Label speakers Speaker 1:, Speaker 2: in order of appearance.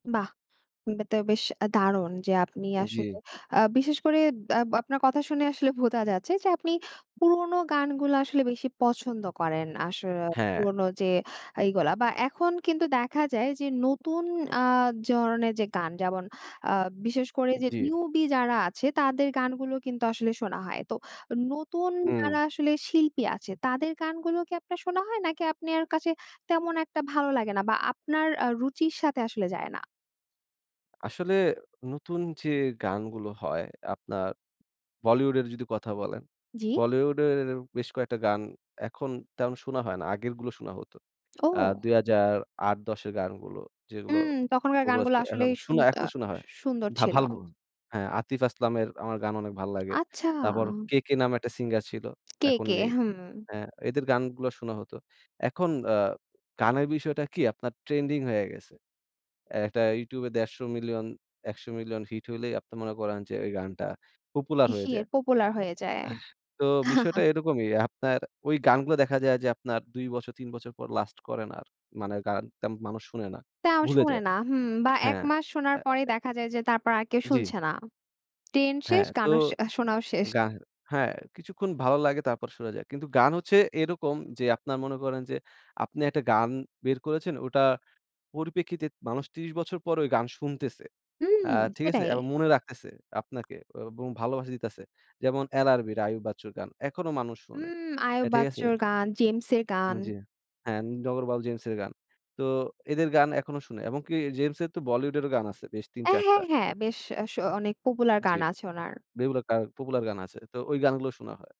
Speaker 1: বাহ! [unintelligible] তো বেশ দারুন যে আপনি
Speaker 2: উম জি।
Speaker 1: আসলে আ বিশেষ করে আব আপনার কথা শুনে আসলে বোঝা যাচ্ছে যে আপনি পুরোনো গানগুলো আসলে বেশি পছন্দ করেন, আসরে
Speaker 2: হ্যাঁ।
Speaker 1: পুরোনো যে এইগুলা বা এখন কিন্তু দেখা যায় যে নতুন আ জরনের যে গান যেমন আ বিশেষ করে যে
Speaker 2: জি।
Speaker 1: নিউবি যারা আছে তাদের গানগুলো কিন্তু আসলে শোনা হয়। তো নতুন
Speaker 2: হুম।
Speaker 1: যারা আসলে শিল্পী আছে তাদের গানগুলো কি আপনার শোনা হয় নাকি আপনার কাছে তেমন একটা ভালো লাগে না বা আপনার আ রুচির সাথে আসলে যায় না?
Speaker 2: আসলে নতুন যে গানগুলো হয় আপনার বলিউডের যদি কথা বলেন,
Speaker 1: জি।
Speaker 2: বলিউডের বেশ কয়েকটা গান এখন তেমন শুনা হয় না। আগেরগুলো শোনা হত। আ
Speaker 1: ও!
Speaker 2: ২০০৮-১০ এর গানগুলো যেগুলো,
Speaker 1: হুম তখনকার
Speaker 2: popular
Speaker 1: গানগুলো
Speaker 2: এখন
Speaker 1: আসলেই শুন
Speaker 2: শুনা
Speaker 1: আ
Speaker 2: এখনো শোনা হয়। হ্যাঁ।
Speaker 1: সুন্দর ছিল।
Speaker 2: [unintelligible] হ্যাঁ আতিফ আসলামের আমার গান অনেক ভাল লাগে।
Speaker 1: আচ্ছা।
Speaker 2: তারপর KK নামে একটা সিঙ্গার ছিল এখন
Speaker 1: KK
Speaker 2: নেই।
Speaker 1: হুম।
Speaker 2: হ্যাঁ। এদের গানগুলো শোনা হত। এখন আ গানের বিষয়টা কি আপনার ট্রেন্ডিং হয়ে গেছে। একটা ইউটিউবে ১৫০ মিলিয়ন ১০০ মিলিয়ন হিট হলেই আপনি মনে করেন যে ঐ গানটা popular হয়ে
Speaker 1: ইহে
Speaker 2: যায়।
Speaker 1: পপুলার হয়ে যায়।
Speaker 2: তো বিষয়টা এরকমই। আপনার ঐ গানগুলো দেখা যায় যে আপনার ২ বছর ৩ বছর পর লাস্ট করে না আর। মানে গান তেমন মানুষ শোনে না।
Speaker 1: তাও
Speaker 2: ভুলে
Speaker 1: শোনে
Speaker 2: যায়।
Speaker 1: না হুম বা ১
Speaker 2: হ্যাঁ।
Speaker 1: মাস শোনার
Speaker 2: অ্যা
Speaker 1: পরেই দেখা যায় যে তারপর আর কেউ
Speaker 2: জি।
Speaker 1: শুনছে না। ট্রেন্ড শেষ
Speaker 2: হ্যাঁ তো।
Speaker 1: গানও আ শোনাও শেষ।
Speaker 2: গা হ্যাঁ কিছুক্ষণ ভালো লাগে তারপর সরে যায়। কিন্তু গান হচ্ছে এরকম যে আপনারা মনে করেন যে আপনি একটা গান বের করেছেন ওটা পরিপ্রেক্ষিতে মানুষ ৩০ বছর পরেও গান শুনতেছে। আ
Speaker 1: হুম
Speaker 2: ঠিক আছে?
Speaker 1: সেটাই।
Speaker 2: এবং মনে রাখতেছে আপনাকে এবং ভালোবাসা দিতেছে। যেমন LRB আইয়ুব বাচ্চুর গান এখনো মানুষ শোনে।
Speaker 1: হুম। আয়ুব
Speaker 2: ঠিক আছে?
Speaker 1: বাচ্চর গান, জেমসের গান।
Speaker 2: জি। হ্যাঁ নগরবাউল জেমসের গান। তো এদের গান এখনো শুনে এবং কি জেমসের তো বলিউডেরও গান আছে বেশ
Speaker 1: অ্যা,
Speaker 2: ৩-৪ টা
Speaker 1: হ্যাঁ, হ্যাঁ। বেশ এ স অনেক পপুলার
Speaker 2: জি।
Speaker 1: গান আছে ওনার।
Speaker 2: রেগুলার কার পপুলার গান আছে। তো ওই গানগুলো শোনা হয়।